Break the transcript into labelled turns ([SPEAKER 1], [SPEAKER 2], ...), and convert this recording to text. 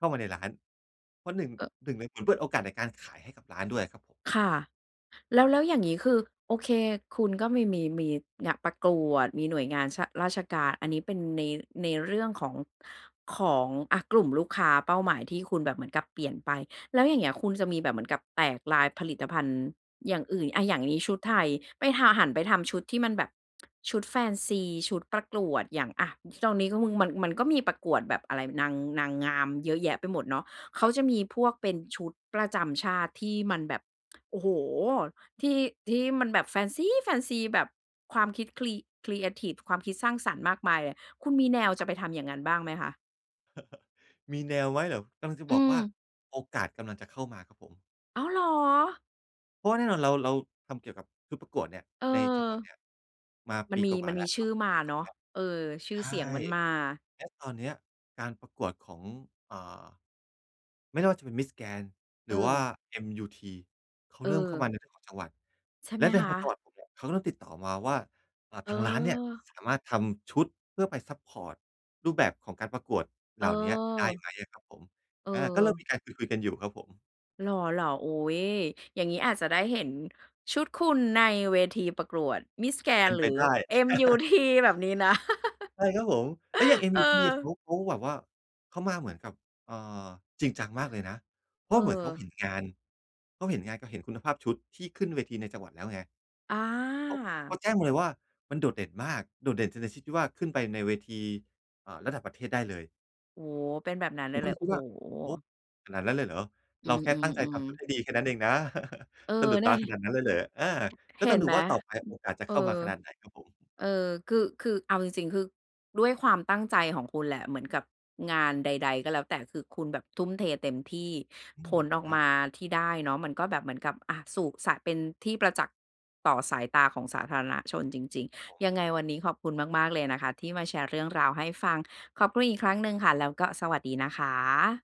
[SPEAKER 1] เข้ามาในร้าน เพราะ 1- 1 เลยเหมือนเปิดโอกาสในการขายให้กับร้านด้วยอะครับผม
[SPEAKER 2] ค่ะ แล้ว แล้วอย่างงี้ คือ โอเค คุณก็มี มี มี เนี่ยประกวด มีหน่วยงาน ช ราชการ อันนี้เป็นใน ในเรื่องของ ของ อะ กลุ่มลูกค้าเป้าหมายที่คุณแบบเหมือนกับเปลี่ยนไป แล้วอย่างเงี้ย คุณจะมีแบบเหมือนกับแตกไลน์ผลิตภัณฑ์อย่างอื่น อา อย่างนี้ชุดไทย ไปหา หันไปทำชุดที่มันแบบ ชุดแฟนซี ชุดประกวดอย่าง อะ ตรงนี้ก็คุณ มัน มันก็มีประกวดแบบอะไร นาง นางงามเยอะแยะไปหมดเนาะ เข
[SPEAKER 1] ค
[SPEAKER 2] า
[SPEAKER 1] รับ
[SPEAKER 2] จะมีพวกเป็นชุดประจำชาติที่มันแบบ โอ้โฮ ที่ ที่มันแบบแฟนซี้ แฟนซี แบบความคิดครี ครีเอทิฟ ความคิดสร้างสรรค์มากมายอะ คุณมีแนวจ
[SPEAKER 1] คร
[SPEAKER 2] ะ
[SPEAKER 1] ับ
[SPEAKER 2] ไป
[SPEAKER 1] ผ
[SPEAKER 2] ท
[SPEAKER 1] ม
[SPEAKER 2] ำอย่างนั้นบ้างไหมคะ?
[SPEAKER 1] มีแนวไว้เหรอ กำลังจะ
[SPEAKER 2] อื
[SPEAKER 1] บอกว่า
[SPEAKER 2] ม
[SPEAKER 1] โอกาสกำลังจะเข้ามาครับผม
[SPEAKER 2] อ๋อเหรอ?
[SPEAKER 1] เพราะว่าแน่นอนเรา เราทำเกี่ยวกับชุดประกวดเนี่ย
[SPEAKER 2] เออ
[SPEAKER 1] ในจังหวัดเนี่ยมา
[SPEAKER 2] ม
[SPEAKER 1] ป
[SPEAKER 2] ัน
[SPEAKER 1] ี
[SPEAKER 2] มี
[SPEAKER 1] กว่า
[SPEAKER 2] มัน
[SPEAKER 1] ๆ แล
[SPEAKER 2] มี
[SPEAKER 1] ้ว เ
[SPEAKER 2] ช
[SPEAKER 1] ข้
[SPEAKER 2] ื่
[SPEAKER 1] า
[SPEAKER 2] อ
[SPEAKER 1] สู่
[SPEAKER 2] ม
[SPEAKER 1] ป
[SPEAKER 2] า
[SPEAKER 1] ีที่ ส
[SPEAKER 2] เน
[SPEAKER 1] อ
[SPEAKER 2] า
[SPEAKER 1] ง แ
[SPEAKER 2] ะ
[SPEAKER 1] ล้ว
[SPEAKER 2] เออ ชื
[SPEAKER 1] ใ
[SPEAKER 2] ่
[SPEAKER 1] ช
[SPEAKER 2] อเสีย
[SPEAKER 1] ่
[SPEAKER 2] งมันมา
[SPEAKER 1] และตอนเนี้ยการประกวดของ อ่า ไม่แน่ว่าจะเป็นมิสแกรนด์
[SPEAKER 2] เ
[SPEAKER 1] หรือว่า
[SPEAKER 2] ออ
[SPEAKER 1] เอ็มยูที เขาเริ่มเข้ามา
[SPEAKER 2] เออ
[SPEAKER 1] ในจังหวัด
[SPEAKER 2] ใช่
[SPEAKER 1] แ
[SPEAKER 2] ไ
[SPEAKER 1] ล
[SPEAKER 2] หม
[SPEAKER 1] ะใน
[SPEAKER 2] คะ?
[SPEAKER 1] จังหวัดผมเนี่ย เขาก็เริ่มติดต่อมาว่า อา ทางร้านเนี่ย
[SPEAKER 2] เออ
[SPEAKER 1] สามารถทำชุด เพื่อไปซัปพอร์ตรูปแบบของการประกวดเหล่าเนี้ยได้ไ
[SPEAKER 2] เออ
[SPEAKER 1] หมอะครับผม อา ก็เริ่มม
[SPEAKER 2] เออ
[SPEAKER 1] ีการคุย ๆ กันอยู่ครับผม
[SPEAKER 2] เหรอ ๆ อุ๊ย อย่างงี้อาจจะได้เห็นชุดคุณในเวทีประกวดมิสแกร
[SPEAKER 1] เป
[SPEAKER 2] น
[SPEAKER 1] ็
[SPEAKER 2] ด
[SPEAKER 1] น
[SPEAKER 2] ์ หร
[SPEAKER 1] ไป
[SPEAKER 2] ือ
[SPEAKER 1] ได้
[SPEAKER 2] เอ็มยู ที แบบนี้นะ
[SPEAKER 1] ใช่ ครับผม เอ๊ย อย่างเอ็ม
[SPEAKER 2] เอ
[SPEAKER 1] ยูที
[SPEAKER 2] อ
[SPEAKER 1] อะ เขา เขาแบบว่าเขามาเหมือนกับ เอ่อ จริงจังมากเลยนะ เพรา
[SPEAKER 2] เ
[SPEAKER 1] ะเหมือนเขาเห็
[SPEAKER 2] ออ
[SPEAKER 1] นงาน เขาเห็นงาน เขาเห็นคุณภาพชุดที่ขึ้นเวทีในจังหวัดแล้วไง
[SPEAKER 2] อ
[SPEAKER 1] เขา เข
[SPEAKER 2] า
[SPEAKER 1] าแจ้งมาเลยว่า มันโดดเด่นมาก โดดเด่นในชนิดชี้ที่ว่า ขึ้นไปในเวที เอ่อ ระดับประเทศได้เลย
[SPEAKER 2] โอ้โฮ เป็นแบบนั้นเล
[SPEAKER 1] ผ
[SPEAKER 2] ย
[SPEAKER 1] ม
[SPEAKER 2] เ
[SPEAKER 1] ก
[SPEAKER 2] ห
[SPEAKER 1] ็
[SPEAKER 2] ร
[SPEAKER 1] เ
[SPEAKER 2] อ
[SPEAKER 1] ลย
[SPEAKER 2] โ
[SPEAKER 1] ค
[SPEAKER 2] อ
[SPEAKER 1] ิ
[SPEAKER 2] ้
[SPEAKER 1] ด
[SPEAKER 2] โฮ
[SPEAKER 1] ว่า โอ้โฮ ขนาดนั้นเลยเหรอ
[SPEAKER 2] อื
[SPEAKER 1] เราแค่ตั้งใจท
[SPEAKER 2] ม
[SPEAKER 1] ำ
[SPEAKER 2] ๆ
[SPEAKER 1] ชุด
[SPEAKER 2] ๆ
[SPEAKER 1] ให้ดีแค่นั้นเองนะ
[SPEAKER 2] เออ
[SPEAKER 1] สะดุด
[SPEAKER 2] แน
[SPEAKER 1] ต
[SPEAKER 2] ่
[SPEAKER 1] าขนาดนั้นเลยเหรอ อา ก็
[SPEAKER 2] เห
[SPEAKER 1] ต้
[SPEAKER 2] ็
[SPEAKER 1] อง
[SPEAKER 2] น
[SPEAKER 1] ดู
[SPEAKER 2] ไหม
[SPEAKER 1] ว่า ต่อไปโอกาสจะ
[SPEAKER 2] เออ
[SPEAKER 1] เข้ามาขนาดไหนครับผม
[SPEAKER 2] เออ คือ คือ เอาจริง ๆ คือ ด้วยความตั้งใจของคุณแหละ เหมือนกับงานใด ๆ ก็แล้วแต่ คือคุณแบบทุ่มเทเต็มที่
[SPEAKER 1] อื
[SPEAKER 2] ผ
[SPEAKER 1] ม
[SPEAKER 2] ลออก
[SPEAKER 1] ครั
[SPEAKER 2] ม
[SPEAKER 1] บ
[SPEAKER 2] าที่ได้เนาะ มันก็แบบเหมือนกับ อะ สู่ สะ เป็นที่ประจักษ์ต่อสายตาของสาธารณชนจริง
[SPEAKER 1] ครับผม
[SPEAKER 2] ๆ ยังไงวันนี้ขอบคุณมาก ๆ เลยนะคะ ที่มาแชร์เรื่องราวให้ฟัง ขอบคุณอีกครั้งหนึ่งค่ะ แล้วก็สวัสดีนะคะ